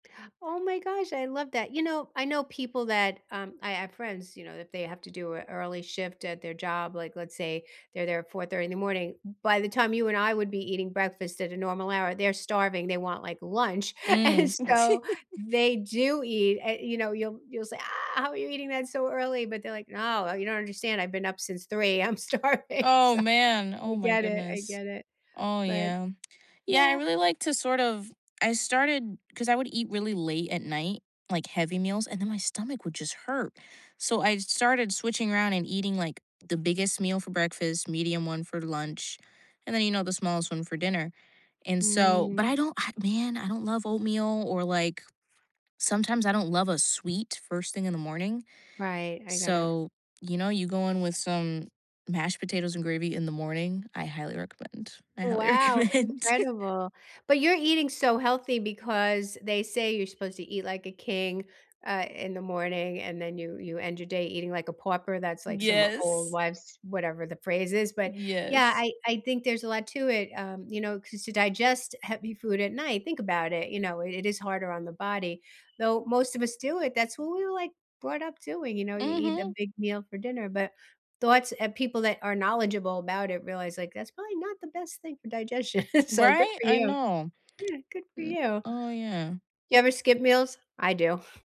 Oh my gosh, I love that. You know, I know people that, um I have friends, you know, that they have to do a early shift at their job, like, let's say they're there at 4:30 in the morning, by the time you and I would be eating breakfast at a normal hour, they're starving, they want, like, lunch, and Mm. so they do eat uh, you know, you'll you'll say, "Ah, how are you eating that so early?" but they're like, "No, you don't understand, I've been up since 3, I'm starving," Oh so, man, I oh my get it, I goodness. get it, Oh but yeah. Yeah, I yeah. really like to sort of I started 'cause I would eat really late at night, like, heavy meals, and then my stomach would just hurt, so I started switching around and eating, like, the biggest meal for breakfast, medium one for lunch, and then, you know, the smallest one for dinner, and so Mm. but I don't ugh man, I don't I love oatmeal, or, like, sometimes I don't love a sweet first thing in the morning, Right, I get it. so, you know, you go in with some mashed potatoes and gravy in the morning, I highly recommend, I highly Wow, recommend. incredible! But you're eating so healthy because they say you're supposed to eat like a king, uh, in the morning, and then you you end your day eating like a pauper, that's, like, some old Yes. wives whatever the phrase is, but yeah, Yes. I I think there's a lot to it, um, you know, 'cause to digest heavy food at night, think about it, you know, it is harder on the body, though most of us do it, that's what we were, like, brought up doing, you know, you eat a Mhm. big meal for dinner, but thoughts of people that are knowledgeable about it realize like that's probably not the best thing for digestion, so good Right, for I you. know. Yeah, good for M you. oh yeah. You ever skip meals? I do.